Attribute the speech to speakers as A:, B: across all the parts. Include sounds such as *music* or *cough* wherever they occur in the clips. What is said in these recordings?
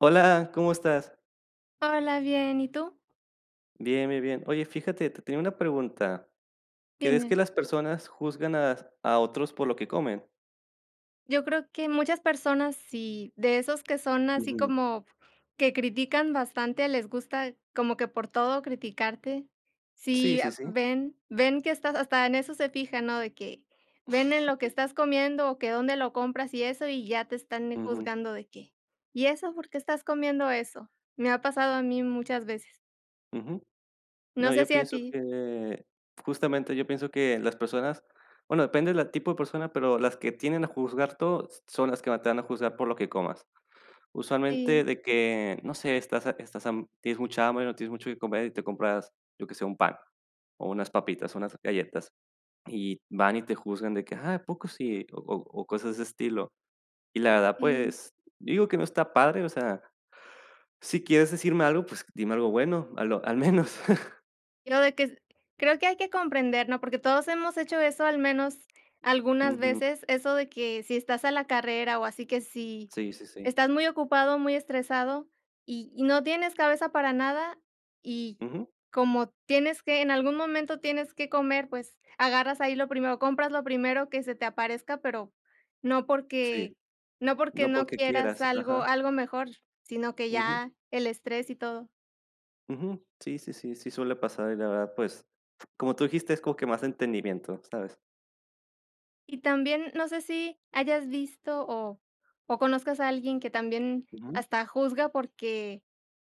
A: Hola, ¿cómo estás?
B: Hola, bien, ¿y tú?
A: Bien, bien, bien. Oye, fíjate, te tenía una pregunta, ¿crees que
B: Dime.
A: las personas juzgan as a otros por lo que comen?
B: Yo creo que muchas personas sí, de esos que son así
A: Ujú.
B: como que critican bastante, les gusta como que por todo criticarte,
A: Sí,
B: si
A: sí,
B: a
A: sí.
B: ven ven que estás hasta en eso se fijan, ¿no?, de que ven en lo que estás comiendo o que dónde lo compras y eso, y ya te están, eh,
A: Ujú.
B: juzgando de que: "¿Y eso por qué estás comiendo eso?". Me ha pasado a mí muchas veces.
A: Ujú.
B: No
A: No,
B: sé
A: yo
B: si a
A: pienso
B: ti.
A: que Justamente, yo pienso que las personas, bueno depende de la tipo de persona, pero las que tienden a juzgar todo, s son las que más te van a juzgar por lo que comas. Usualmente
B: Sí.
A: de que, no sé, estás ha estás ham tienes mucha hambre, no tienes mucho qué comer y te compras, yo que sé, un pan o unas papitas o unas galletas. Y van y te juzgan de que: "¿Ah, a poco sí?". O o o cosas de ese estilo. Y la verdad,
B: Sí.
A: pues, digo que no está padre, o sea, si quieres decirme algo, pues dime algo bueno, a lo al menos.
B: Lo de que es creo que hay que comprender, ¿no? Porque todos hemos hecho eso al menos algunas
A: Ujú.
B: veces, eso de que si estás a la carrera, o así que si
A: Sí sí sí.
B: estás muy ocupado, muy estresado, y y no tienes cabeza para nada, y
A: Ujú.
B: como tienes que, en algún momento tienes que comer, pues, agarras ahí lo primero, compras lo primero que se te aparezca, pero no
A: Sí,
B: porque no porque
A: no
B: no
A: porque
B: quieras
A: quieras,
B: algo
A: ajá.
B: algo mejor, sino que
A: Ujú.
B: ya el estrés y todo.
A: Ujú. Sí sí sí sí suele pasar, y la verdad, pues, f como tú dijiste, es como que más entendimiento, ¿sabes?
B: Y también no sé si hayas visto, o o conozcas a alguien que también
A: Ujú.
B: hasta juzga, porque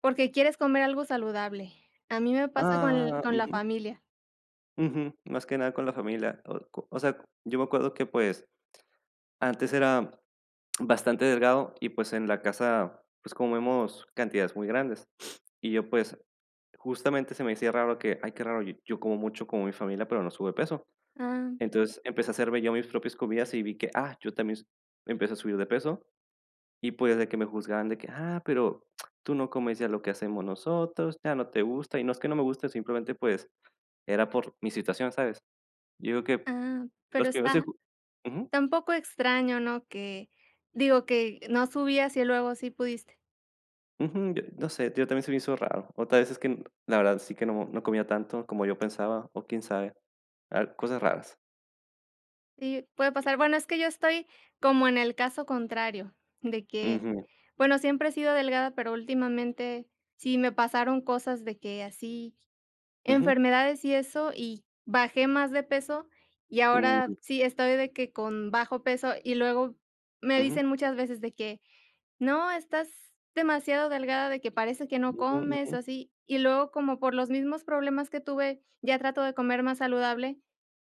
B: porque quieres comer algo saludable. A mí me pasa con l
A: Ah,
B: con la
A: ujú.
B: familia.
A: Ujú, más que nada con la familia, o co o sea, yo me acuerdo que, pues, antes era bastante delgado, y pues, en la casa, pues, comemos cantidades muy grandes. *sniffs* Y yo, pues, justamente, se me hacía raro que: "Ay qué raro, yo como mucho como mi familia pero no subo de peso".
B: Ah.
A: Entonces, empecé a hacerme yo mis propias comidas y vi que, ah, yo también s empecé a subir de peso. Y pues, de que me juzgaran de que: "Ah, pero tú no comes ya lo que hacemos nosotros, ya no te gusta", y no es que no me guste, simplemente, pues, era por mi situación, ¿sabes? Yo digo que
B: Ah, pero
A: los primeros en
B: está
A: ju ujú.
B: esta un poco extraño, ¿no? Que digo, que no subías y luego sí pudiste.
A: Ujú, no sé, yo también se me hizo raro, o tal vez es que la verdad sí que no no comía tanto como yo pensaba o quién sabe, al cosas raras.
B: Sí, puede pasar, bueno, es que yo estoy como en el caso contrario, de que,
A: Ujú.
B: bueno, siempre he sido delgada, pero últimamente sí me pasaron cosas de que así
A: Ujú.
B: enfermedades y eso, y bajé más de peso, y ahora
A: Uy.
B: sí estoy de que con bajo peso. Y luego me
A: Ujú.
B: dicen muchas veces de que: "No, estás demasiado delgada", de que, "parece que no
A: Ujú,
B: comes", o
A: ujú.
B: así. Y luego, como por los mismos problemas que tuve, ya trato de comer más saludable,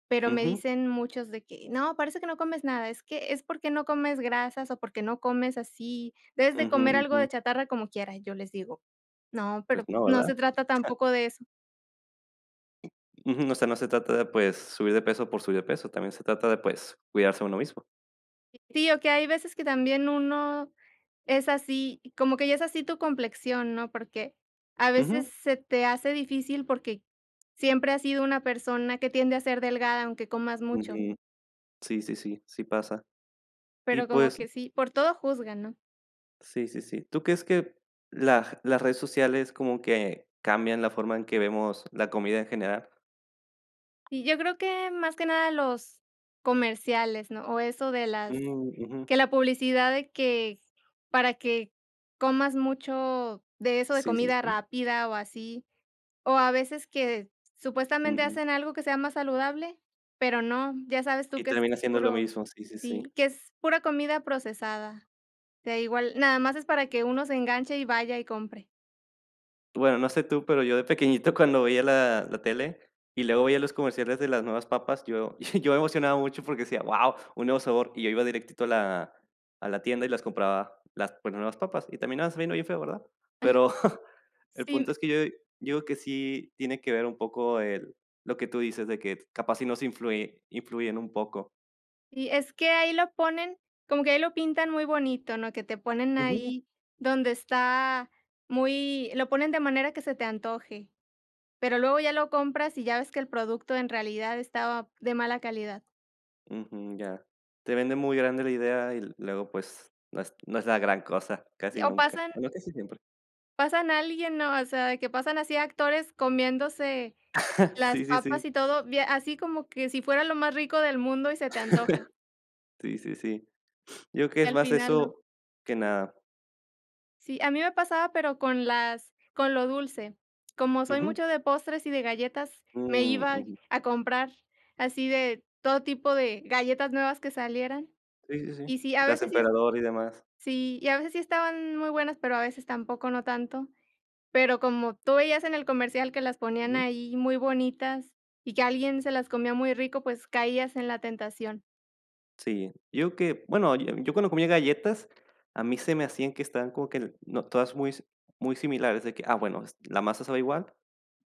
B: pero me
A: Ujú.
B: dicen muchos de que: "No, parece que no comes nada, es que es porque no comes grasas o porque no comes así, debes de
A: Ujú,
B: comer algo de
A: ujú.
B: chatarra como quiera". Y yo les digo: "No,
A: Pues,
B: pero
A: no,
B: no
A: ¿verdad?
B: se trata
A: *chuckles*
B: tampoco de eso".
A: Ujú. O sea, no se trata de, pues, subir de peso por subir de peso, también se trata de, pues, cuidarse uno mismo.
B: Sí, o que hay veces que también uno es así como que ya es así tu complexión, ¿no? Porque a veces
A: Ujú.
B: se te hace difícil, porque siempre has sido una persona que tiende a ser delgada, aunque comas mucho.
A: Ujú. Sí, sí, sí, sí pasa. Y
B: Pero como
A: pues
B: que sí, por todo juzgan, ¿no?
A: Sí, sí, sí. ¿Tú crees que lag las redes sociales como que cambian la forma en que vemos la comida en general?
B: Y yo creo que más que nada los comerciales, ¿no? O eso de las
A: Mm, ujú.
B: que la publicidad de que para que comas mucho de eso de
A: Sí, sí,
B: comida
A: sí.
B: rápida o así. O a veces que supuestamente
A: Ujú.
B: hacen algo que sea más saludable, pero no. Ya sabes tú
A: Y
B: que es
A: termina siendo lo
B: puro
A: mismo, sí, sí, sí.
B: Sí, que es pura comida procesada. Que igual, nada más es para que uno se enganche y vaya y compre.
A: Bueno, no sé tú, pero yo de pequeñito cuando veía la la tele, y luego veía los comerciales de las nuevas papas, yo *chuckles* yo me emocionaba mucho porque decía: "Wao, un nuevo sabor". Y yo iba directito a la a la tienda y las compraba las pues las nuevas papas, y terminaban sabiendo bien feo, ¿verdad?
B: Ah.
A: Pero *chuckles* el
B: Sí
A: punto
B: m
A: es que yo yo digo que sí tiene que ver un poco el lo que tú dices de que capaz sí nos influye influyen un poco.
B: Y es que ahí lo ponen como que ahí lo pintan muy bonito, ¿no?, que te ponen
A: Ujú.
B: ahí donde está muy lo ponen de manera que se te antoje, pero luego ya lo compras y ya ves que el producto en realidad estaba de mala calidad.
A: Ujú, ya. Te vende muy grande la idea y luego pues, no es no es la gran cosa,
B: Y
A: casi
B: o
A: nunca,
B: pasan
A: bueno casi siempre.
B: pasan a alguien, ¿no? O sea, de que pasan así actores comiéndose
A: *chuckles*
B: las
A: Sí, sí, sí.
B: papas y todo, bie así como que si fuera lo más rico del mundo y se te antoja.
A: *chuckles* Sí, sí, sí. Yo creo
B: Y
A: es
B: al
A: más
B: final no.
A: eso, que nada.
B: Sí, a mí me pasaba, pero con las con lo dulce. Como soy
A: Ujú.
B: mucho de postres y de galletas, me
A: Mm,
B: iba
A: ujú.
B: a comprar así de todo tipo de galletas nuevas que salieran.
A: Sí sí sí.
B: Y sí, a
A: Las
B: veces sí es
A: Emperador y demás.
B: Sí, y a veces sí estaban muy buenas, pero a veces tampoco no tanto. Pero como tú veías en el comercial que las ponían
A: Ujú.
B: ahí muy bonitas, y que alguien se las comía muy rico, pues, caías en la tentación.
A: Sí, yo que, bueno, yo yo cuando comía galletas, a mí se me hacían que estaban como que, no, todas muy si muy similares, de que, ah bueno, es la masa sabe igual,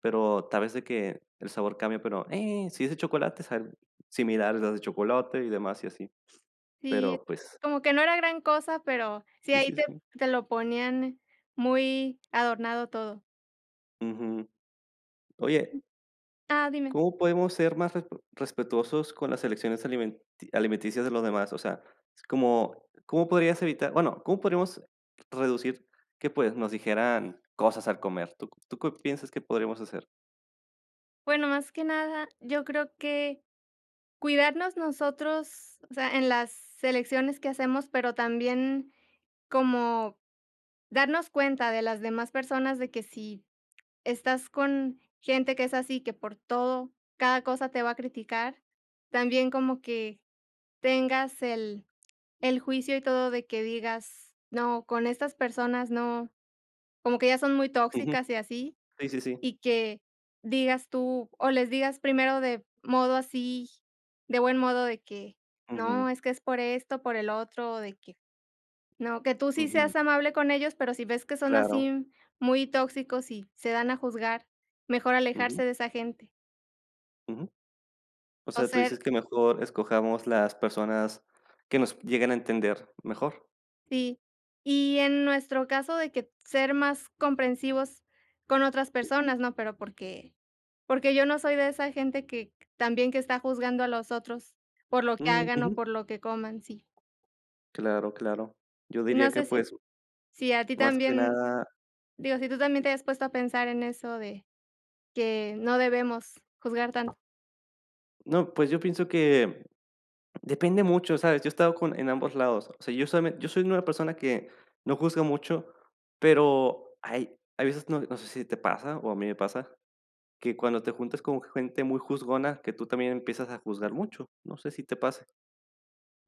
A: pero tal vez de que el sabor cambia, pero, eh, si es de chocolate, sabe similar a las de chocolate y demás, y así.
B: Sí,
A: Pero, pues
B: como que no era gran cosa, pero sí,
A: Sí
B: ahí
A: sí
B: te
A: sí.
B: te lo ponían muy adornado todo.
A: Ujú.
B: Mm,
A: Oye
B: ah, dime.
A: ¿cómo podemos ser más respe respetuosos con las elecciones alimenti alimenticias de los demás? O sea, ¿cómo comó podrías evitar Bueno, ¿cómo podríamos reducir que, pues, nos dijeran cosas al comer, tú q tú qué piensas que podríamos hacer?
B: Bueno, más que nada, yo creo que cuidarnos nosotros, o sea, en las elecciones que hacemos, pero también como darnos cuenta de las demás personas de que si estás con gente que es así, que por todo, cada cosa te va a criticar, también como que tengas el el juicio y todo de que digas: "No, con estas personas no", como que ya son muy
A: Ujú,
B: tóxicas y así.
A: sí, sí, sí.
B: Y que digas tú o les digas primero de modo así de buen modo de que: "No,
A: Ujú.
B: es que es por esto, por el otro, de que, no", que tú sí
A: Ujú.
B: seas amable con ellos, pero si ves que son
A: Claro.
B: así muy tóxicos y se dan a juzgar, mejor
A: Ujú.
B: alejarse de esa gente.
A: Ujú. O
B: O
A: sea, tú
B: ser
A: dices que mejor escojamos las personas que nos llegan a entender mejor.
B: Sí. Y en nuestro caso de que ser más comprensivos con otras
A: Ujú.
B: personas, ¿no? Pero porque, porque yo no soy de esa gente que también que está juzgando a los otros por lo que
A: Mm,
B: hagan o
A: ujú.
B: por lo que coman, sí.
A: Claro, claro. Yo
B: Y,
A: diría
B: no
A: que,
B: sé, si
A: pues,
B: si a ti
A: más que
B: también
A: nada
B: digo, si tú también te hayas puesto a pensar en eso de, que no debemos juzgar tanto.
A: No, pues, yo pienso que depende mucho, ¿sabes?, yo he estado con en ambos lados. O sea, yo soy me yo soy una persona que no juzga mucho, pero hay hay veces no no sé si te pasa, o a mí me pasa, que cuando te juntas con gente muy juzgona que tú también empiezas a juzgar mucho, no sé, si te pase.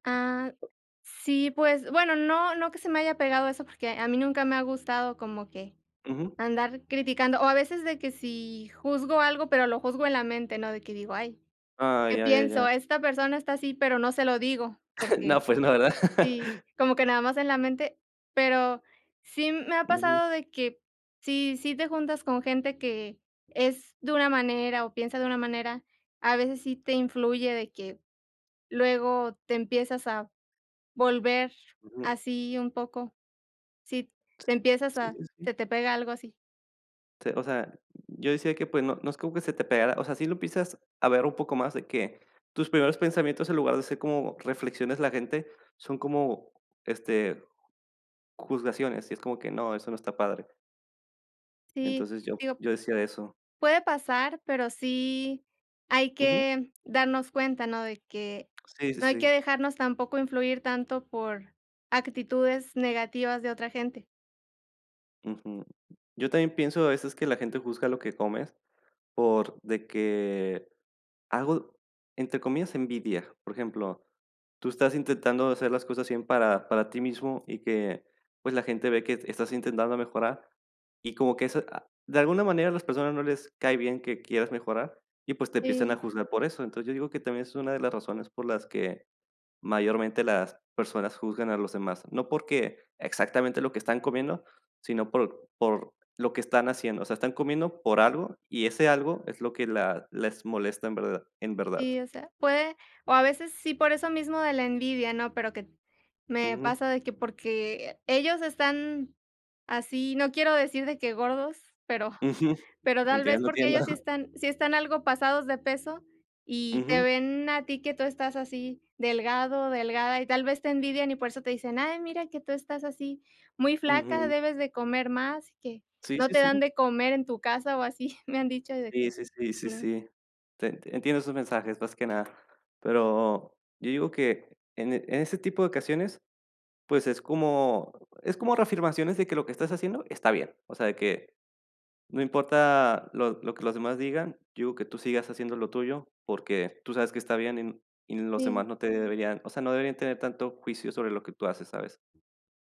B: Ah, sí, pues bueno, no no que se me haya pegado eso, porque a mí nunca me ha gustado como que
A: Ujú.
B: andar criticando. O a veces de que si juzgo algo, pero lo juzgo en la mente, ¿no? De que digo: "Ay,
A: Ay,
B: que
A: ya ya
B: pienso,
A: ya.
B: esta persona está así", pero no se lo digo,
A: No,
B: porque
A: pues no, ¿verdad?
B: sí, como que nada más en la mente. Pero, sí me ha
A: Ujú.
B: pasado de que, si si te juntas con gente que es de una manera o piensa de una manera, a veces sí te influye de que luego te empiezas a volver
A: Ujú.
B: así un poco. Sí, te empiezas
A: Sí,
B: a
A: sí, sí.
B: se te pega algo así.
A: Sí, o sea, yo decía que, pues, no no es como que se te pegara o sea, sí lo piensas a ver un poco más de que tus primeros pensamientos, en lugar de ser como reflexiones de la gente, son como, este, juzgaciones, y es como que no, eso no está padre.
B: Sí,
A: Entonces, yo
B: digo
A: yo decía de eso.
B: puede pasar, pero sí, hay
A: Ujú.
B: que darnos cuenta, ¿no?, de que,
A: Sí, sí,
B: no hay que
A: sí.
B: dejarnos tampoco influir tanto por actitudes negativas de otra gente.
A: Ujú. Yo también pienso a veces que la gente juzga lo que comes, por de que hago, entre comillas "envidia". Por ejemplo, tú estás intentando hacer las cosas bien para para ti mismo y que, pues, la gente ve que estás intentando mejorar, y como que eso, ah, de alguna manera a las personas no les cae bien que quieras mejorar, y, pues, te empiecen a
B: Sí.
A: juzgar por eso. Entonces, yo digo que también es una de las razones por las que mayormente las personas juzgan a los demás, no porque exactamente lo que están comiendo, sino por por lo que están haciendo, o sea, están comiendo por algo y ese algo es lo que la les molesta en verdad en verdad.
B: Y, o sea, puede, o a veces, sí, por eso mismo de la envidia, ¿no?, pero que me
A: Ujú.
B: pasa de que porque ellos están así, no quiero decir de que gordos, pero
A: Ujú.
B: pero tal vez
A: Entiendo,
B: porque
A: entiendo.
B: ellos sí están sí están algo pasados de peso, y te
A: Ujú.
B: ven a ti que tú estás así, delgado, delgada, y tal vez te envidian, y por eso te dicen: "Ay, mira que tú estás así, muy flaca,
A: Ujú.
B: debes de comer más, que
A: Sí,
B: no
A: sí,
B: te dan
A: sí.
B: de comer en tu casa o así". *chuckles* Me han dicho de
A: Sí,
B: que
A: sí, sí, sí,
B: no.
A: sí. Te entiendo esos mensajes, más que nada, pero yo digo que en e en ese tipo de ocasiones, pues, es como es como reafirmaciones de que lo que estás haciendo está bien, o sea de que no importa lo lo que los demás digan, yo digo que tú sigas haciendo lo tuyo porque tú sabes que está bien y n y los
B: Sí.
A: demás no te deberían, o sea, no deberían tener tanto juicio sobre lo que tú haces, ¿sabes?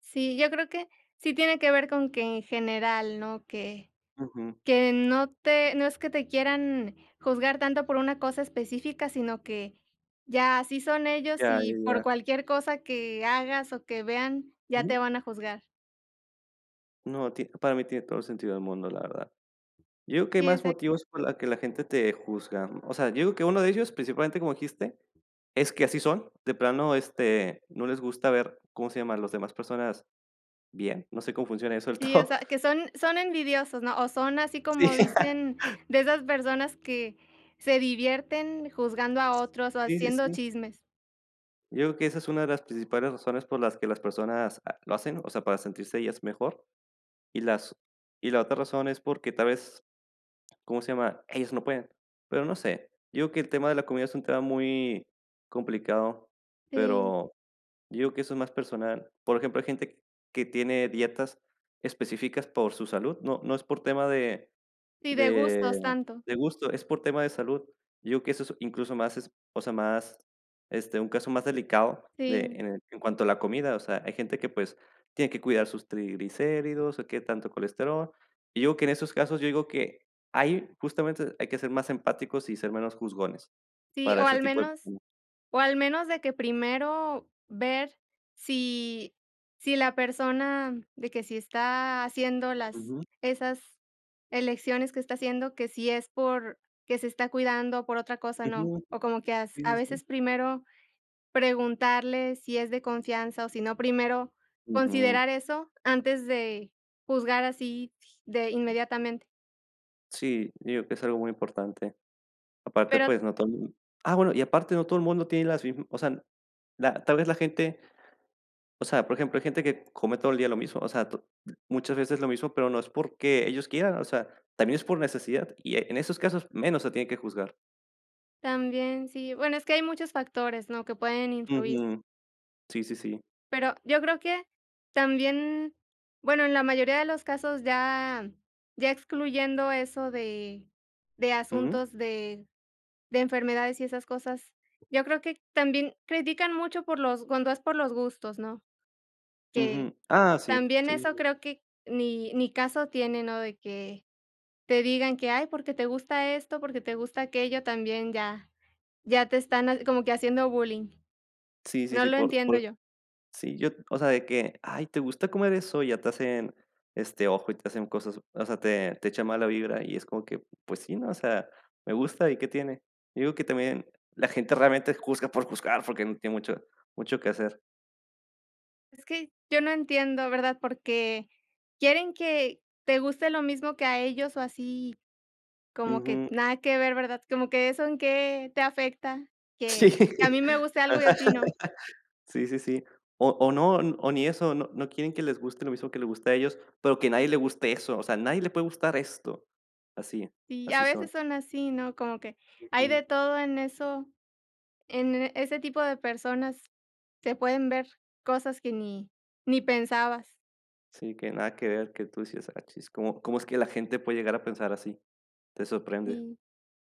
B: Sí, yo creo que sí tiene que ver con que, en general, ¿no?, que
A: Ujú.
B: que no te no es que te quieran juzgar tanto por una cosa específica, sino que ya así son ellos,
A: Ya, ya,
B: y por
A: ya.
B: cualquier cosa que hagas o que vean, ya
A: Ujú.
B: te van a juzgar.
A: No, tie para mí tiene todo el sentido del mundo, la verdad. Yo digo que hay
B: Sí,
A: más
B: exa
A: motivos por la que la gente te juzga, o sea, yo veo que uno de ellos, principalmente, como dijiste, es que así son, de plano, este, no les gusta ver ¿cómo se llama?, a las demás personas bien, no sé, cómo funciona eso del
B: Sí, o
A: todo.
B: sea, que son son envidiosos, ¿no?, o son así
A: Sí.
B: como dicen
A: *laughs*
B: de esas personas que se divierten juzgando a otros o
A: Sí, sí,
B: haciendo
A: sí.
B: chismes.
A: Yo digo que esa es una de las principales razones por las que las personas, ah, lo hacen, o sea, para sentirse ellas mejor, y las y la otra razón es porque, tal vez, ¿cómo se llama? Ellos no pueden. Pero no sé, yo digo que el tema de la comida es un tema muy complicado,
B: Sí.
A: pero yo digo que eso es más personal. Por ejemplo, hay gente que tiene dietas específicas por su salud, no no es por tema de
B: Y de
A: de
B: gustos, tanto.
A: de gusto, es por tema de salud. Yo digo que eso es, incluso más es, o sea, más, este, un caso más delicado de
B: Sí.
A: en en cuanto a la comida, o sea, hay gente que, pues, tiene que cuidar sus triglicéridos o qué tanto colesterol. Yo digo que en esos casos, yo digo que ahí, justamente, hay que ser más empáticos y ser menos juzgones
B: Sí,
A: para
B: o
A: ese
B: al
A: tipo de
B: menos
A: *unintelligible*
B: o al menos de que primero ver si si la persona de que si está haciendo las
A: Ujú.
B: esas elecciones que está haciendo, que si es porque se está cuidando o por otra cosa no,
A: Ujú.
B: o como que as
A: Sí, sí,
B: a
A: sí.
B: veces primero preguntarle, si es de confianza, o si no, primero
A: Ujú.
B: considerar eso antes de juzgar así, de inmediatamente.
A: Sí, digo que es algo muy importante. Aparte,
B: Pero
A: pues, no todo el mu ah bueno, y aparte no todo el mundo tiene las mi o sea, la tal vez la gente O sea, por ejemplo hay gente que come todo el día lo mismo, o sea, to muchas veces lo mismo pero no es porque ellos quieran. O sea, también es por necesidad, y, eh, en esos casos menos se tiene que juzgar.
B: También, sí, bueno, es que hay muchos factores, ¿no?, que pueden influir.
A: Ujú. Sí sí sí.
B: Pero, yo creo que también bueno, en la mayoría de los casos ya ya excluyendo eso de de
A: Ujú.
B: asuntos de de enfermedades y esas cosas, yo creo que también critican mucho por los cuando es por los gustos, ¿no? Que
A: Ujú, ah sí,
B: también
A: sí, sí,
B: eso
A: sí.
B: creo que ni ni caso tiene, ¿no?, de que te digan que: "Ay, porque te gusta esto, porque te gusta aquello", también ya ya te están ha como que haciendo bullying.
A: Sí, sí,
B: No
A: sí,
B: lo
A: por
B: entiendo
A: por
B: yo.
A: sí, yo o sea, de que: "Ay, ¿te gusta comer eso?", ya te hacen, este, ojo y te hacen cosas, o sea, te te echan mala vibra y es como que, pues sí, ¿no? O sea, me gusta y, ¿qué tiene? Yo digo que también, la gente realmente juzga por juzgar, porque no tiene mucho mucho que hacer.
B: Es que yo no entiendo, ¿verdad? Porque quieren que te guste lo mismo que a ellos o así como que
A: Ujú.
B: nada que ver, ¿verdad? Como que eso en qué te afecta, que
A: Sí.
B: que a mí me guste algo y a
A: Ajá,
B: ti no.
A: sí, sí, sí. O o no, o ni eso, no no quieren que les guste lo mismo que le guste a ellos, pero que a nadie les guste eso, o sea, a nadie le puede gustar esto. Así, eh,
B: Y a
A: así
B: veces
A: son.
B: son así, ¿no? Como que hay de
A: Ujú.
B: todo en eso, en ese tipo de personas se pueden ver cosas que ni ni pensabas.
A: Sí, que nada que ver, que tú si es, *unintelligible* ¿cómo cómo es que la gente puede llegar a pensar así? Te sorprende.
B: Y,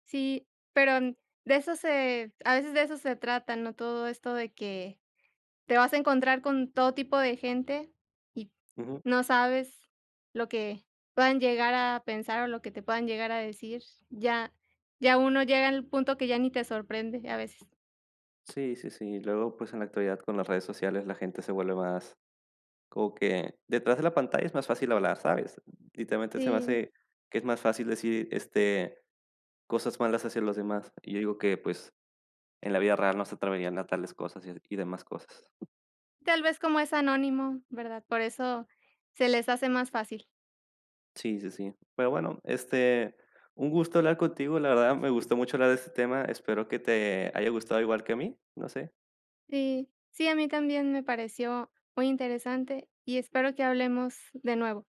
B: sí, pero de eso se a veces de eso se trata, ¿no?, todo esto de que te vas a encontrar con todo tipo de gente y
A: Ujú.
B: no sabes lo que puedan llegar a pensar o lo que te puedan llegar a decir. Ya ya uno llega al punto que ya ni te sorprende, a veces.
A: Sí, sí, sí, y luego pues en la actualidad con las redes sociales la gente se vuelve más, como que detrás de la pantalla es más fácil hablar, ¿sabes? Literalmente se me
B: Sí.
A: hace que es más fácil decir, este, cosas malas hacia los demás y yo digo que pues en la vida real no se atreverían a tales cosas y a y demás cosas.
B: Tal vez como es anónimo, ¿verdad?, por eso se les hace más fácil.
A: Sí, sí, sí. Pero bueno, este, un gusto hablar contigo, la verdad me gustó mucho hablar de este tema, espero que te haya gustado igual que a mí, no sé.
B: Sí, sí, a mí también me pareció muy interesante, y espero que hablemos de nuevo.